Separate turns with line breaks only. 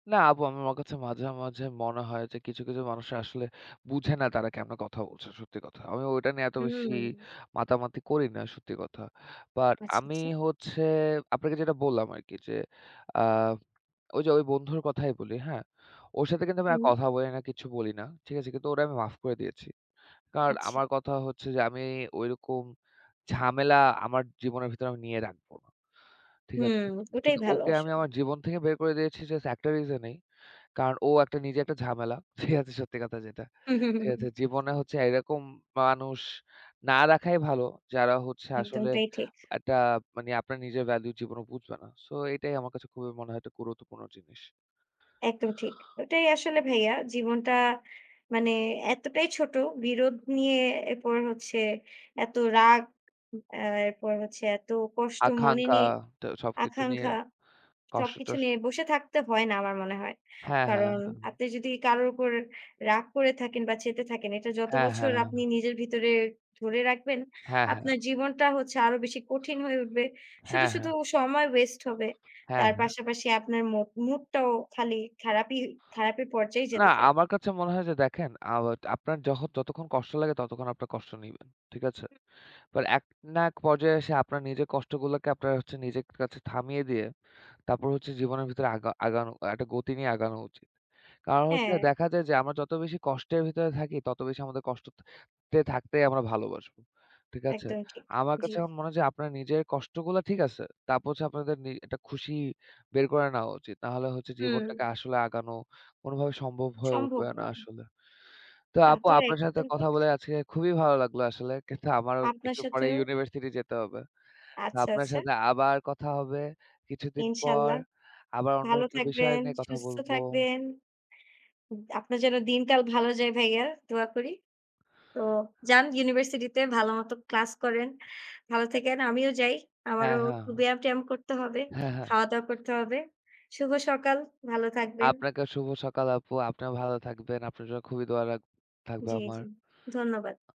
না, আপু আমার কাছে মাঝে, মাঝে, মনে হয় যে কিছু, কিছু, মানুষ আসলে বুঝে না তারা কেমনে কথা বলছে। সত্যি কথা। আমি ওটা নিয়ে এত বেশি
হুম।
মাতামাতি করি না সত্যি কথা। বাট
আচ্ছা,
আমি
আচ্ছা।
হচ্ছে আপনাকে যেটা বললাম আরকি যে যে আ ওই যে বন্ধুর কথাই বলি। হ্যাঁ? ওর সাথে আমি আর
হুম।
কথা বলি না কিছু বলি না। ঠিক আছে কিন্তু ওরে আমি মাফ করে দিয়েছি। কারণ
আচ্ছা।
আমার কথা হচ্ছে যে আমি ঐরকম ঝামেলা আমার জীবনের ভেতরে নিয়ে রাখবো না। ঠিক
হুম,
আছে?
ওটাই
কিন্তু
ভালো
ওকে আমি
আসলে।
আমার জীবন থেকে বের করে দিয়েছি জাস্ট একটা রিজনেই। কারণ ও একটা নিজে একটা ঝামেলা। ঠিক আছে, সত্যি কথা যেটা। ঠিক আছে?
হুম।
জীবনে হচ্ছে এইরকম মানুষ না রাখাই ভালো। যারা হচ্ছে আসলে
একদমটাই ঠিক।
একটা মানে আপনার নিজের ভ্যালু জীবনেও বুঝবে না। সো এটাই আমার কাছে খুবই মনে হয় একটা গুরুত্বপূর্ণ জিনিস।
একদম ঠিক। এটাই আসলে ভাইয়া জীবনটা মানে এতটাই ছোট বিরোধ নিয়ে এরপর হচ্ছে এত রাগ এ্যা এরপর হচ্ছে এত কষ্ট মনে
আকাঙ্খা
নিয়ে
টা সবকিছু নিয়ে,
আকাঙ্খা
কষ্ট
সবকিছু
টস
নিয়ে বসে থাকতে হয় না আমার মনে হয়।
হ্যাঁ, হ্যাঁ,
কারণ
হ্যাঁ।
আপনি যদি কারোর উপর রাগ করে থাকেন, বা চেতে থাকেন এটা যত
হ্যাঁ,
বছর
হ্যাঁ।
আপনি নিজের ভিতরে ধরে রাখবেন,
হ্যাঁ, হ্যাঁ।
আপনার জীবনটা হচ্ছে আরো বেশি কঠিন হয়ে উঠবে। শুধু,
হ্যাঁ,
শুধু,
হ্যাঁ।
সময় ওয়েস্ট হবে।
হ্যাঁ
তার
হ্যাঁ।
পাশাপাশি আপনার মুক মুডটাও খালি খারাপি খারাপির পর্যায়ে
না,
যেতে থাকবে।
আমার কাছে মনে হয় যে দেখেন আ আপনার যহত যতক্ষণ কষ্ট লাগে ততক্ষণ আপনার কষ্ট নিবেন। ঠিক আছে?
হু।
বাট এক না এক পর্যায়ে এসে আপনার নিজের কষ্টগুলোকে আপনারা নিজের কাছে থামিয়ে দিয়ে, তারপর হচ্ছে জীবনের ভিতরে আগা আগানো একটা গতি নিয়ে আগানো উচিত। কারণ হচ্ছে
হ্যাঁ।
দেখা যায় যে আমরা যত বেশি কষ্টের ভিতরে থাকি ততো বেশি আমাদের কষ্টত তে থাকতেই আমরা ভালোবাসবো। ঠিক আছে?
একদমই ঠিক।
আমার
জি।
কাছে এখন মনে হচ্ছে আপনার নিজের কষ্টগুলা ঠিক আছে। তারপর হচ্ছে আপনাদের নি একটা খুশি বের করে নেওয়া উচিত। না হলে হচ্ছে
হুম।
জীবনটাকে আসলে আগানো কোনভাবে সম্ভব হয়ে
সম্ভব
উঠবে না
নয়।
আসলে। তো
তা
আপু
তো
আপনার সাথে
একদম
কথা
ঠিক।
বলে আজকে খুবই ভালো লাগলো আসলে। কিন্তু আমারও
আপনার
একটু পরে
সাথেও
ইউনিভার্সিটি যেতে হবে। তো
আচ্ছা,
আপনার
আচ্ছা।
সাথে আবার কথা হবে। কিছুদিন পর
ইনশাআল্লাহ।
আবার অন্য
ভালো
একটা বিষয়
থাকবেন,
নিয়ে কথা
সুস্থ
বলব।
থাকবেন। উব আপনার যেন দিনকাল ভালো যাই ভাইয়া, দোয়া করি। তো যান ইউনিভার্সিটিতে ভালোমতো ক্লাস করেন। ভালো থাকেন, আমিও যাই।
হ্যাঁ,
আমারও একটু
হ্যাঁ।
ব্যায়াম-ট্যায়াম করতে হবে।
হ্যাঁ, হ্যাঁ।
খাওয়া-দাওয়া করতে হবে। শুভ সকাল। ভালো থাকবেন।
আপনাকে শুভ সকাল আপু। আপনারা ভালো থাকবেন। আপনার জন্য খুবই দোয়া রাখ থাকবে
জী,
আমার।
জী ধন্যবাদ।